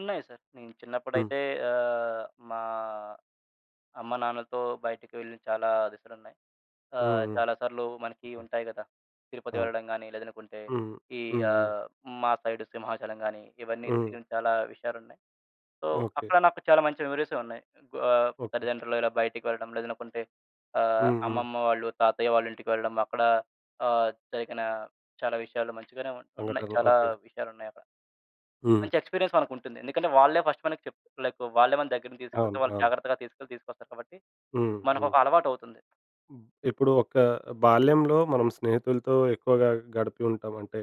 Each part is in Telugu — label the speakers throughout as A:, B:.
A: ఉన్నాయి సారు. నేను
B: హ్మ్.
A: చిన్నప్పుడైతే ఆహ్, మా అమ్మ, నాన్నలతో బయటికి వెళ్ళి చాలా దిశలున్నాయి. ఆహ్,
B: హ్మ్.
A: చాలా సార్లు మనకి
B: హ్మ్.
A: ఉంటాయి గదా! తిరుపతి
B: అవును.
A: వెళ్ళడం గాని, లేదనుకుంటే
B: హ్మ్.
A: ఈ
B: హ్మ్. హ్మ్.
A: ఆహ్, మా సైడ్ సింహాచలం గాని, ఇవన్నీ
B: హ్మ్.
A: తిరిగిన చాలా విషయాలున్నాయి. So,
B: okay.
A: అక్కడ నాకు చాలా మంచి మెమోరీసే ఉన్నాయి. ఆహ్,
B: ఓకే.
A: తల్లిదండ్రులు ఇలా బయటికి వెళ్ళడం లేదనుకుంటే ఆహ్,
B: హ్మ్. హ్మ్.
A: అమ్మమ్మ వాళ్ళు, తాతయ్య వాళ్ళింటికి వెళ్ళడం అక్కడ ఆహ్, జరిగిన చాలా విషయాలు మంచిగానే ఉన్ ఉన్నాయి.
B: సంఘటనలు.
A: చాలా
B: ఓకే.
A: విషయాలున్నాయక్కడ.
B: హ్మ్.
A: మంచి ఎక్స్‌పీరియన్స్ మనకుంటుంది. ఎందుకంటే, వాళ్ళే ఫస్ట్ మనకి చెప్ లైక్ వాళ్ళే మన దగ్గరుండి తీసుకెళ్తే
B: అవును.
A: వాళ్ళు
B: అవును.
A: జాగ్రత్తగా తీసుకెళ్ళి తీసుకొస్తారు కాబట్టి,
B: హుహు.
A: మనకొక అలవాటవుతుంది.
B: హ్మ్. ఇప్పుడు ఒక బాల్యంలో మనం స్నేహితులతో ఎక్కువగా గడిపి ఉంటాం. అంటే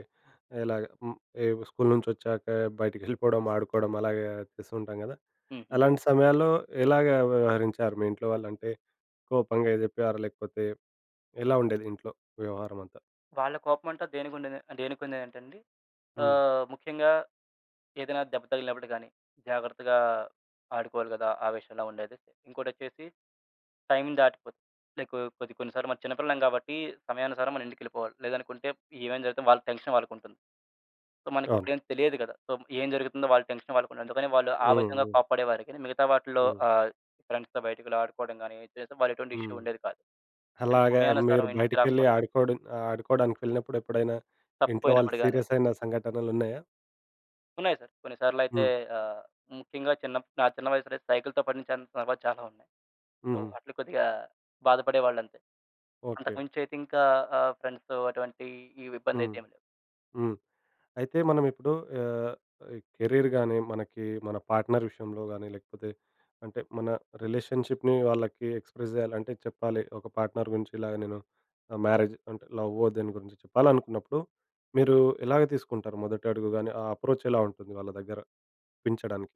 B: ఎలాగా హ్మ్. ఏ స్కూలు నుంచొచ్చాక బయటికెళ్ళిపోవడం, ఆడుకోవడం అలాగా చేస్తూ ఉంటాం గదా!
A: హుహు.
B: అలాంటి సమయాల్లో ఎలాగా వ్యవహరించారు మీ ఇంట్లో వాళ్ళు? అంటే కోపంగా జెప్పారా? లేకపోతే ఎలా ఉండేది ఇంట్లో వ్యవహారమంతా?
A: వాళ్ళ కోపం అంటే దేనికుండేద దేనికుండేదంటేండి,
B: హ్మ్.
A: ఆహ్, ముఖ్యంగా ఏదైనా దెబ్బ తగిలినప్పుడు గాని, జాగ్రత్తగా ఆడుకోవాలి గదా! ఆ విషయంలో ఉండేది. ఇంకోటొచ్చేసి టైమ్ దాటిపోతుంది. లైకు కొద్ది కొన్ని సార్లు మనం చిన్నపిల్లలం కాబట్టి, సమయానుసారం మన ఇంటికెళ్ళిపోవాలి. లేదనుకుంటే ఏమైనా జరిగితే వాళ్ళ టెన్షన్ వాళ్ళకుంటుంది. సో,
B: అవును.
A: మనకప్పుడేం తెలియదు గదా! సో, ఏం జరుగుతుందో వాళ్ళ టెన్షన్ వాళ్ళకుంటది. అందుకని వాళ్ళు ఆ
B: హ్మ్.
A: విధంగా
B: హ్మ్.
A: కోప్పడేవారి గానీ, మిగతా వాటిలో
B: హ్మ్.
A: ఆహ్, ఫ్రెండ్స్‌తో బయటికి వెళ్లి ఆడుకోవడం గాని చేస్తే, వాళ్ళు ఎటువంటి ఇష్యూ
B: హ్మ్.
A: ఉండేది కాదు. కానీ
B: అలాగా
A: సమయానుసారం
B: మీరు
A: ఇంటికి
B: బయటికెళ్ళి
A: రాకపోతే
B: ఆడుకోవడం ఆడుకోవడానికెళ్ళినప్పుడెప్పుడైనా, ఇంట్లో వాళ్ళు
A: తప్పిపోయినప్పుడు గాని.
B: సీరియస్ అయిన సంఘటనలున్నాయా?
A: ఉన్నాయి సారు. కొన్నిసార్లయితే
B: హ్మ్.
A: ఆహ్, ముఖ్యంగా చిన్నప్ నా చిన్న వయస్సులో అయితే సైకిలుతో పడిన చ సందర్భాలు చాలా ఉన్నాయి. సో,
B: హుహు.
A: వాటిలో కొద్దిగా బాధపడేవాళ్ళంతే. అంతకు
B: ఓకే.
A: మించయితే ఇంకా ఆహ్, ఫ్రెండ్స్‌తో అటువంటి ఇవి
B: హ్మ్.
A: ఇబ్బందయితే ఏం లేవు.
B: హ్మ్. అయితే మనం ఇప్పుడు ఆహ్, ఈ కెరీర్ గాని, మనకి మన పార్ట్నర్ విషయంలో గానీ, లేకపోతే అంటే మన రిలేషన్‌షిప్‌ని వాళ్ళకి ఎక్స్‌ప్రెస్ జేయాలంటే చెప్పాలి. ఒక పార్ట్నర్ గురించి ఇలాగ నేను ఆహ్, మ్యారేజ్ అంటే లవ్వో దీని గురించి చెప్పాలనుకున్నప్పుడు, మీరు ఎలాగ తీసుకుంటారు? మొదటి అడుగు గాని, ఆ అప్రోచ్ ఎలా ఉంటుంది వాళ్ళ దగ్గర, ఒప్పించడానికి?